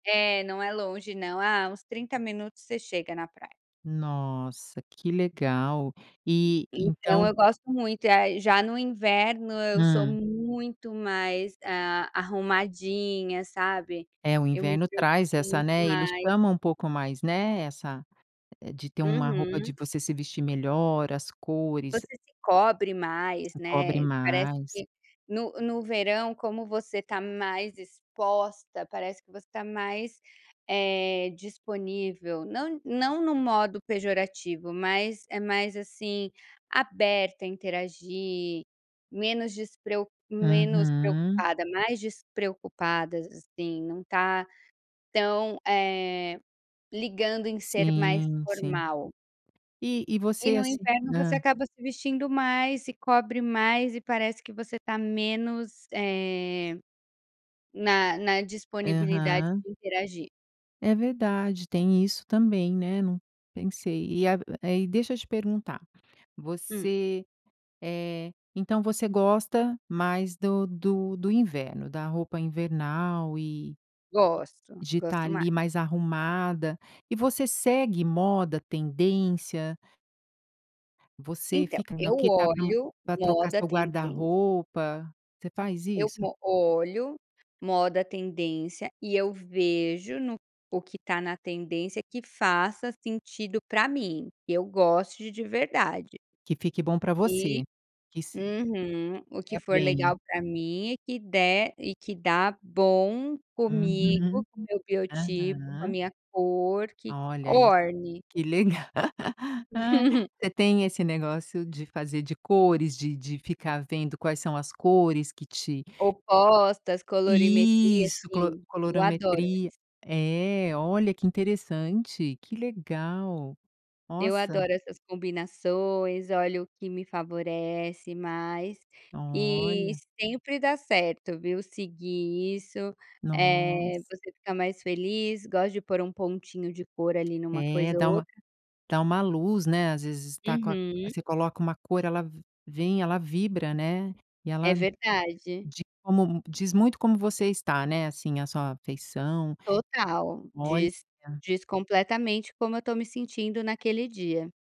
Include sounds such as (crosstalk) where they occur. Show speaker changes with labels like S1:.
S1: É, não é longe não. Ah, uns 30 minutos, você chega na praia.
S2: Nossa, que legal. E,
S1: Então,
S2: então
S1: eu gosto muito. Ah, já no inverno eu sou
S2: Hum.
S1: muito mais, ah, arrumadinha, sabe.
S2: É, o
S1: Eu me
S2: inverno
S1: preocupo
S2: traz essa,
S1: muito
S2: né, ele
S1: mais.
S2: chama um pouco mais, né, essa de ter uma roupa
S1: Uhum.
S2: de você se vestir melhor, as cores e
S1: Você se cobre mais,
S2: Se cobre
S1: né. Parece
S2: mais.
S1: que no no verão, como você está mais exposta, parece que você está mais, eh, disponível. Não não no modo pejorativo, mas é mais assim, aberta a interagir, menos despreo menos
S2: Uhum.
S1: preocupada, mais despreocupadas, assim. Não tá tão, eh, ligando em ser mais
S2: Sim, sim.
S1: formal.
S2: E e
S1: E,
S2: você,
S1: no
S2: assim
S1: inverno, você
S2: hum.
S1: acaba se vestindo mais, se cobre mais, e parece que você está menos, eh, na na disponibilidade
S2: Aham.
S1: de interagir.
S2: É verdade! Tem isso também, né, não pensei. E ago deixa eu te perguntar,
S1: Hum.
S2: você eh, então, você gosta mais do do do inverno, da roupa invernal e
S1: Gosto,
S2: de estar
S1: gosto mais.
S2: ali mais arrumada. E você segue moda, tendência? Você
S1: Então,
S2: fica
S1: eu
S2: no que está pro
S1: olho
S2: pra trocar
S1: moda,
S2: seu
S1: tendên
S2: guarda-roupa? Você faz
S1: Eu
S2: isso?
S1: mo olho moda, tendência, e eu vejo no o que o que está na tendência, que faça sentido para mim. Eu gosto de de verdade.
S2: Que fique bom para
S1: E
S2: você. Que se
S1: uhum. O que
S2: É
S1: for
S2: bem.
S1: legal para mim e que der e que dá bom, comigo,
S2: Uhum.
S1: com meu biotipo, com a
S2: Aham.
S1: minha cor, que
S2: Olha isso.
S1: orne.
S2: Que legal! (laughs)
S1: (chuckles)
S2: Você tem esse negócio de fazer de cores, de de ficar vendo quais são as cores que te
S1: Opostas, colorimetria,
S2: Isso, clo
S1: sim, eu adoro
S2: colorometria.
S1: isso.
S2: É, olha que interessante, que legal!
S1: Eu
S2: Nossa!
S1: adoro essas combinações. Olho o que me favorece mais e
S2: Olha.
S1: sempre dá certo, viu, seguir isso,
S2: Nossa.
S1: eh, você fica mais feliz. Gosta de pôr um pontinho de cor, ali, em uma
S2: É,
S1: coisa ou
S2: dá uma
S1: outra.
S2: dá uma luz, né, às vezes tá com a
S1: Uhum.
S2: você coloca uma cor, ela vem, ela vibra, né. E
S1: É
S2: ela
S1: verdade.
S2: de como diz muito como você está, né, assim, a sua feição.
S1: Total!
S2: Olha!
S1: Diz diz completamente como eu estou me sentindo naquele dia.